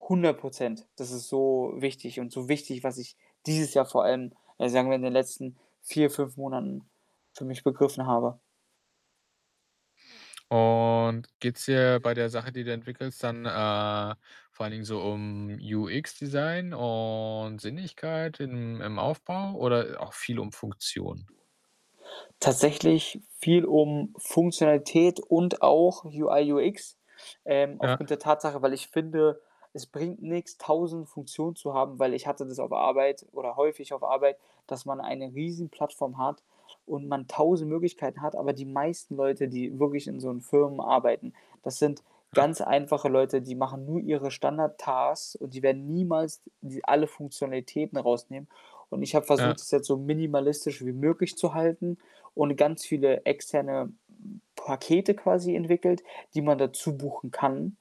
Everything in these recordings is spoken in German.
100 %. Das ist so wichtig und so wichtig, was ich dieses Jahr vor allem, äh, sagen wir, in den letzten 4, 5 Monaten für mich begriffen habe. Und geht's dir bei der Sache, die du entwickelst, dann, äh, vor allen Dingen so um UX Design und Sinnlichkeit im im Aufbau oder auch viel um Funktion? Tatsächlich viel um Funktionalität und auch UI, UX, ähm, Ja. aufgrund der Tatsache, weil ich finde, es bringt nix, 1.000 Funktionen zu haben, weil ich hatte das auf Arbeit oder häufig auf Arbeit, dass man eine Riesenplattform hat und man 1.000 Möglichkeiten hat. Aber die meisten Leute, die wirklich in so 'n Firmen arbeiten, das sind Ja. ganz einfache Leute, die machen nur ihre Standard Tasks und die werden niemals d die alle Funktionalitäten rausnehmen. Und ich habe Ja. versucht, das jetzt so minimalistisch wie möglich zu halten und ganz viele externe, hm, Pakete quasi entwickelt, die man dazu buchen kann.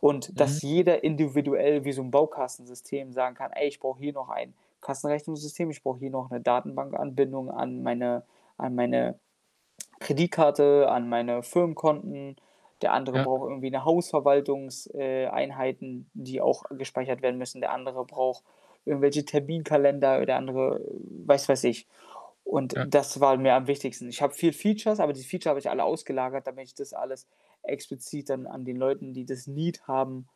Und, Mhm. dass jeder individuell wie so 'n Baukastensystem sagen kann: „Ey, ich brauche hier noch ein Kassenrechnungssystem. Ich brauche hier noch 'ne Datenbankanbindung an meine an meine Kreditkarte, an meine Firmenkonten.“ Der andere Ja. braucht irgendwie 'ne Hausverwaltungs äh, Einheiten, die auch gespeichert werden müssen. Der andere braucht irgendwelche Terminkalender oder andere was weiß ich und Ja. das war mir am wichtigsten. Ich habe viel Features, aber diese Feature habe ich alle ausgelagert, damit ich das alles explizit dann an den Leuten, die das Need haben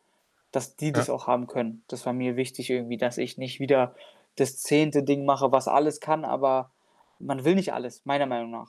dass die Ja. das auch haben können. Das war mir wichtig irgendwie, dass ich nicht wieder das 10. Ding mache, was alles kann, aber man will nicht alles, meiner Meinung nach.